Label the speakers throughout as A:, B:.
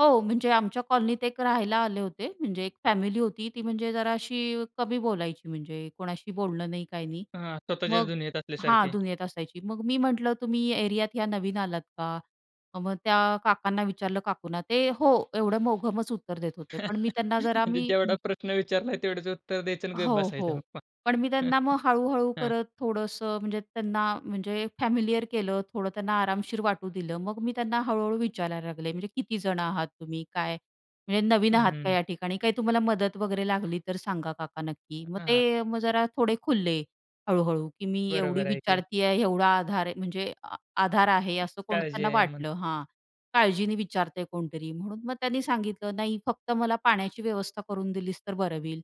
A: हो, म्हणजे आमच्या कॉलनीत एक राहायला आले होते. म्हणजे एक फॅमिली होती. ती म्हणजे जरा अशी अ, कमी बोलायची. म्हणजे कोणाशी बोलणं नाही, काही नाही.
B: हां. स्वतःचेच
A: मग
B: दुनियेत
A: हां,
B: असल्यासारखे.
A: दुनियेत असायची. मग मी म्हटलं तुम्ही या एरियात या नवीन आलात का? अ, मग त्या काकांना विचारलं काकूंना, ते हो, एवढं मोघमच उत्तर देत होते, पण मी त्यांना जरा
B: म्हणजे
A: मी
B: जेवढा प्रश्न विचारला, तेवढ्याच उत्तर द्यायचं आणि
A: हो,
B: बसायचं
A: हो.
B: मग.
A: पण मी त्यांना मग हळूहळू
B: हां.
A: करत थोडंसं म्हणजे त्यांना म्हणजे फॅमिलिअर केलं थोडं, त्यांना आरामशीर वाटू दिलं. मग मी त्यांना हळूहळू विचारायला लागले. म्हणजे किती जण आहात तुम्ही? काय म्हणजे नवीन
B: हं,
A: आहात
B: हं,
A: का
B: हं.
A: या ठिकाणी? काय तुम्हाला मदत वगैरे लागली तर सांगा काका नक्की. मग
B: हां, हां.
A: ते मग जरा थोडे खुलले हळूहळू. की मी एवढी
B: बरोबर आहे की.
A: विचारती आहे, एवढा आधार आहे म्हणजे आ आधार आहे, असं कोण
B: काळजी
A: त्यांना
B: आहे म्हण
A: वाटलं हां. काळजीने विचारतंय कोणतरी म्हणून मग त्यांनी सांगितलं, नाही फक्त मला पाण्याची व्यवस्था करून दिलीस तर बरं होईल.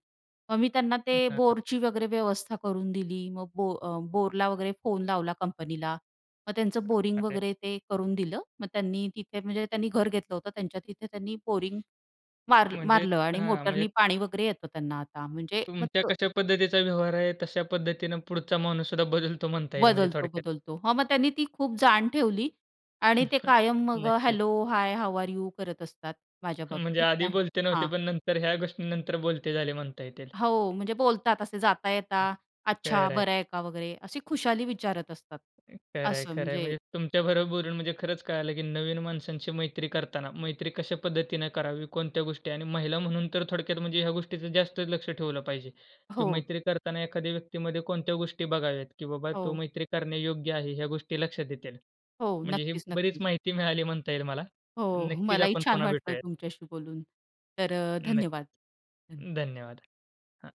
A: मग मी त्यांना
B: हं.
A: ते
B: हां, हां.
A: बोरची वगैरे व्यवस्था करून दिली. मग ब अ, बो बोरला वगैरे फोन लावला कंपनीला. मग त्यांचं बोरिंग
B: [unintelligible]
A: वगैरे ते करून दिलं. मग त्यांनी तिथे म्हणजे त्यांनी घर घेतलं होतं. त्यांच्या तिथे त्यांनी बोरिंग वार
B: म्हणजे
A: मारलं आणि
B: हां, म्हणजे
A: मोटरनी पाणी वगैरे येतं त्यांना आता. म्हणजे
B: तुमच्या
A: मत
B: कशा पद्धतीचा व्यवहार आहे, तश्या पद्धतीने पुढचा माणूससुद्धा बदलतो, म्हणता येईल म्हणजे
A: बदलतो,
B: थोडक्यात.
A: बदलतो. हां, मग त्यांनी ती खूप जाण ठेवली. आणि ते कायम मग
B: नक्कीच.
A: Hello hi how are you? करत असतात माझ्या
B: म्हणजे
A: बाबतीत.
B: आधी
A: नाही,
B: बोलते नव्हते,
A: हां.
B: पण नंतर ह्या गोष्टीनंतर बोलते झाले म्हणता येतील.
A: हो. म्हणजे बोलतात असे जाता
B: हं.
A: येता, अच्छा, बरं
B: खरंय.
A: आहे का वगैरे? अशी खुशाली विचारत असतात.
B: अ, खरंय,
A: असं
B: खरंय
A: म्हणजे
B: म्हणजे तुमच्याबरोबर बोलून म्हणजे खरंच कळालं, की नवीन माणसांची मैत्री करताना, मैत्री कशा पद्धतीने करावी. कोणत्या गोष्टी आणि महिला म्हणून तर थोडक्यात म्हणजे ह्या गोष्टीच जास्त लक्ष ठेवलं पाहिजे, की
A: हो.
B: मैत्री करतांना एखाद्या व्यक्तीमध्ये कोणत्या गोष्टी बघाव्यात, की बाबा तो
A: हो.
B: मैत्री करण्यायोग्य आहे ह्या गोष्टी लक्षात येतील.
A: हो.
B: म्हणजे ही
A: नक्कीच,
B: बरीच
A: नक्कीच.
B: माहिती मिळाली म्हणता येईल मला.
A: हो.
B: नक्कीच
A: मलाही
B: आपण
A: छान
B: पुन्हा
A: वाटलं
B: भेटूयात.
A: तुमच्याशी बोलून. तर
B: नक्की.
A: धन्यवाद, धन्यवाद.
B: धन्यवाद. हं.